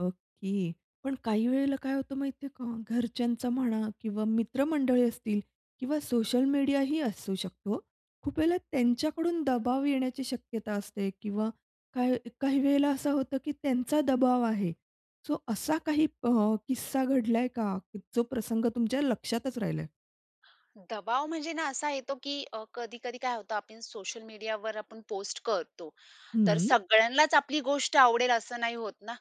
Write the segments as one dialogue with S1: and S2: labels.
S1: Okay, पण काही वेळेला काय होतं माहिती आहे का घरच्यांचा म्हणा किंवा मित्रमंडळी असतील किंवा सोशल मीडिया ही असू शकतो, खूप वेळेला त्यांच्याकडून दबाव येण्याची शक्यता असते किंवा काही काही वेळेला असं होतं, की त्यांचा दबाव आहे, सो असा काही अ, किस्सा घडलाय का, जो प्रसंग तुमच्या लक्षातच राहिला आहे?
S2: दबाव, म्हणजे ना, असा येतो की अ, कधी-कधी काय होतं, आपण सोशल मीडियावर आपण पोस्ट करतो, तर
S1: हम्म.
S2: सगळ्यांनाच आपली गोष्ट आवडेल असं नाही होत ना.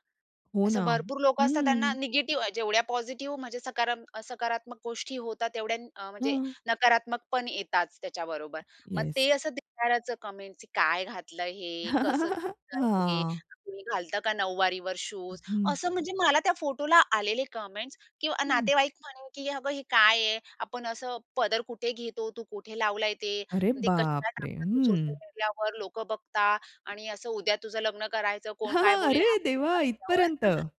S1: हो
S2: असं
S1: ना.
S2: भरपूर लोकं असतात त्यांना
S1: हम्म.
S2: निगेटिव्ह जेवढ्या पॉझिटिव्ह म्हणजे सकारा सकारात्मक गोष्टी होतात तेवढ्या अ, म्हणजे
S1: हं.
S2: नकारात्मक पण येतातच त्याच्याबरोबर. मग
S1: येस.
S2: ते असं दिसणारचं कमेंट्स, की "काय घातलं आहे हे. कसं दिसतं आहे हे.
S1: हां.
S2: कोणी घालतं का नऊवारीवर शूज?"
S1: हं.
S2: असं, म्हणजे मला त्या फोटोला आलेले कमेंट्स किंवा
S1: हं.
S2: नातेवाईक म्हणे की "अगं हे काय आहे? आपण असं पदर कुठे घेतो, तू कुठे लावलंय ते?
S1: अरे
S2: ते कशाला
S1: बापरे!
S2: टाकलं तू सोशल
S1: हम्म.
S2: मीडियावर, लोकं बघता आणि असं उद्या तुझं लग्न करायचं कोण काय बोलेल?"
S1: अरे देवा!
S2: [unintelligible]
S1: इथपर्यंत.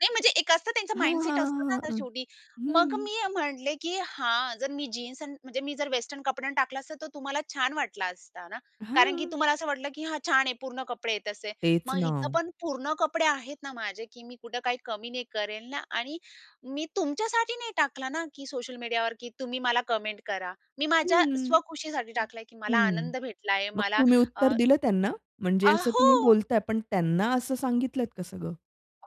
S2: नाही, म्हणजे एक असतं, त्यांचं
S1: हां, हां,
S2: माइंडसेट असतं ना
S1: हां,
S2: आता
S1: हां.
S2: शेवटी. मग
S1: हम्म.
S2: मी म्हटले, की "हां, जर मी जीन्स आणि म्हणजे मी जर वेस्टर्न कपड्यांन टाकला असता, तर तुम्हाला छान वाटला असता ना, कारण की
S1: हां.
S2: तुम्हाला असं वाटलं की 'हां, छान आहे. पूर्ण कपडे आहेत,' असे.
S1: तेच
S2: मग इथं
S1: ना.
S2: पण पूर्ण कपडे आहेत ना माझे की मी कुठे काही कमी नाही करेल ना आणि मी तुमच्यासाठी नाही टाकला ना की सोशल मीडियावर की तुम्ही मला कमेंट करा. मी माझ्या
S1: हम्म.
S2: स्वखुशीसाठी टाकलंय, की मला
S1: हम्म.
S2: आनंद भेटलाय,
S1: मग
S2: मला"
S1: तुम्ही
S2: अ,
S1: उत्तर दिलं त्यांना?
S2: अ,
S1: म्हणजे असं
S2: हो,
S1: तुम्ही बोलताय, पण त्यांना असं सांगितलत का सगळं?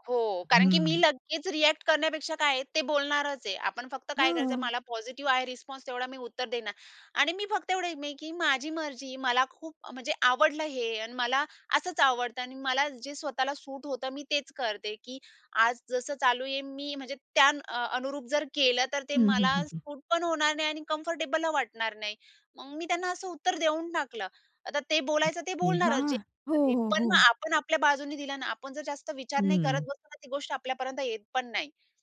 S2: हो, कारण की मी
S1: हम्म.
S2: लगेच रिएक्ट करण्यापेक्षा काय आहे, ते बोलणारच आहे. आपण फक्त काय करायचं,
S1: हां.
S2: मला पॉझिटिव्ह आहे रिस्पॉन्स, तेवढा मी उत्तर देणार. आणि मी फक्त एवढं आहे मी, की माझी मर्जी मला खूप, म्हणजे आवडलं हे आणि मला असंच आवडतं आणि मला जे स्वतःला सूट होतं, मी तेच करते की आज जसं चालू आहे मी, म्हणजे त्या अ, अनुरूप जर केलं, तर ते
S1: हं, हं,
S2: मला
S1: हं, हं.
S2: सूट पण होणार नाही आणि कम्फर्टेबल अ वाटणार नाही. मग मी त्यांना असं उत्तर देऊन टाकलं. आता ते बोलायचं ते
S1: ये
S2: बोलणारच,
S1: हां.
S2: जे
S1: हो,
S2: पण आहे ते.
S1: हो,
S2: पण मग
S1: हो.
S2: आपण आपल्या बाजूनी दिलं अन् आपण जर जास्त विचार नाही करत
S1: हम्म.
S2: बसलो ना, तर ती गोष्ट आपल्यापर्यंत येत पण नाही.